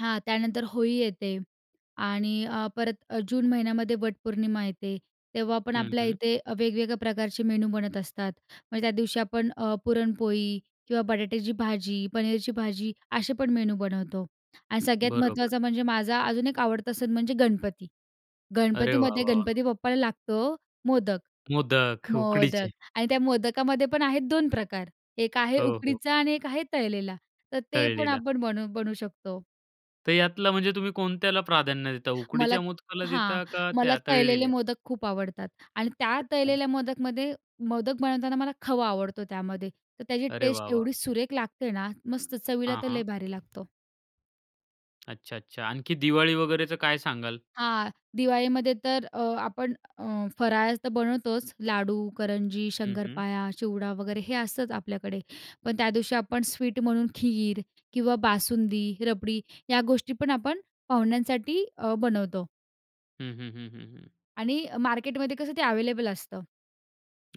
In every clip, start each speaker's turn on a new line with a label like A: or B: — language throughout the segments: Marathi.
A: हां. त्यानंतर होळी येते आणि अ, परत अ, जून महिन्यामध्ये वटपौर्णिमा येते. तेव्हा पण
B: हं,
A: आपल्या
B: हं.
A: इथे अ, वेगवेगळ्या प्रकारचे मेनू बनत असतात. म्हणजे त्या दिवशी अ, आपण पुरणपोळी किंवा बटाट्याची भाजी, पनीरची भाजी असे पण मेनू बनवतो आणि सगळ्यात
B: बरोबर.
A: महत्त्वाचं म्हणजे माझा अजून एक आवडता सण म्हणजे गणपती.
B: अरे वाह,
A: गणपतीमध्ये
B: वाह, वाह!
A: गणपती बाप्पाला लागतो मोदक.
B: मोदक
A: मोदक
B: उकडीचे.
A: आणि त्या मोदकामध्ये पण आहेत 2 प्रकार. एक आहे
B: हो, हो.
A: उकडीचा आणि एक आहे तळलेला. तर ते पण
B: तळलेलं.
A: आपण बनू बनवू शकतो.
B: तर यातलं म्हणजे तुम्ही कोणत्याला प्राधान्य देता?
A: मला
B: उकडीच्या
A: त
B: मोदकाला
A: हां.
B: देता का
A: मला
B: त्या
A: तळलेले
B: तळलेल्या?
A: मोदक खूप आवडतात आणि त्या
B: अच्छा.
A: तळलेल्या मोदकमध्ये मोदक बनवताना मला खवा आवडतो त्यामध्ये. तर त्याची
B: अरे वाह,
A: टेस्ट
B: वाह!
A: एवढी सुरेख लागते ना. मस्त! चवीला
B: हां,
A: तर लय
B: हां.
A: भारी लागतो.
B: अच्छा. अच्छा. आणखी दिवाळी वगैरेचं काय सांगाल?
A: हां, दिवाळीमध्ये तर अ, आपण अ, फराळ तर बनवतोच लाडू, करंजी,
B: हं, हं.
A: शंकरपाळ्या, चिवडा, वगैरे. हे असतंच आपल्याकडे. पण त्या दिवशी आपण स्वीट म्हणून खीर किंवा बासुंदी, रबडी या गोष्टीपण आपण पाहुण्यांसाठी अ, बनवतो.
B: हं, हं, हं, हं, हं.
A: आणि मार्केटमध्ये कसं ते अवेलेबल असतं.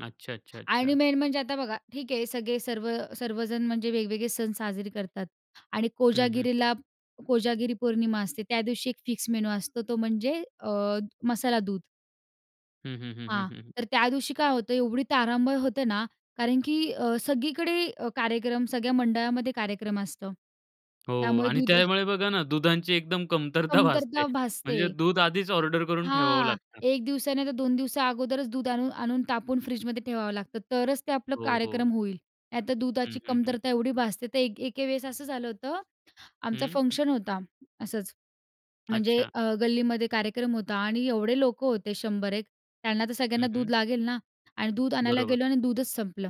B: अच्छा, अच्छा,
A: आणि
B: अच्छा.
A: मेन म्हणजे आता बघा ठीक आहे सगळे सर्व सर्वजण म्हणजे वेगवेगळे सण साजरे करतात आणि
B: हं, हं.
A: कोजागिरीला कोजागिरी पौर्णिमा असते. त्या दिवशी एक फिक्स मेनू असतो तो म्हणजे अ, मसाला दूध.
B: हं, हं, हं, हं,
A: हां.
B: हं, हं.
A: तर त्या दिवशी काय होतं एवढी तारांबळ होते ना, कारण की अ, सगळीकडे अ, कार्यक्रम सगळ्या मंडळामध्ये कार्यक्रम असतं.
B: हो
A: त्यामुळे
B: आणि
A: दूध
B: त्यामुळे बघा ना दुधांची एकदम कमतरता भासते.
A: कमतरता
B: म्हणजे
A: भासते.
B: दूध आधीच ऑर्डर करून ठेवावं
A: हां.
B: लागतं.
A: एक दिवसा नाही तर दोन दिवसा अगोदरच दूध आणून आणून तापून फ्रिजमध्ये ठेवावं लागतं, तरच ते आपलं
B: हो, हो.
A: कार्यक्रम होईल. नाहीतर
B: हं,
A: दुधाची
B: हं, हं.
A: कमतरता एवढी भासते तर एक एके वेळेस असं झालं होतं आमचा
B: हं.
A: फंक्शन होता असंच म्हणजे
B: अच्छा.
A: अ, गल्लीमध्ये कार्यक्रम होता आणि एवढे लोकं होते, 100-1 त्यांना तर सगळ्यांना
B: हं, हं.
A: दूध लागेल ना? आणि दूध आणायला
B: बरोबर.
A: गेलो आणि दूधच संपलं.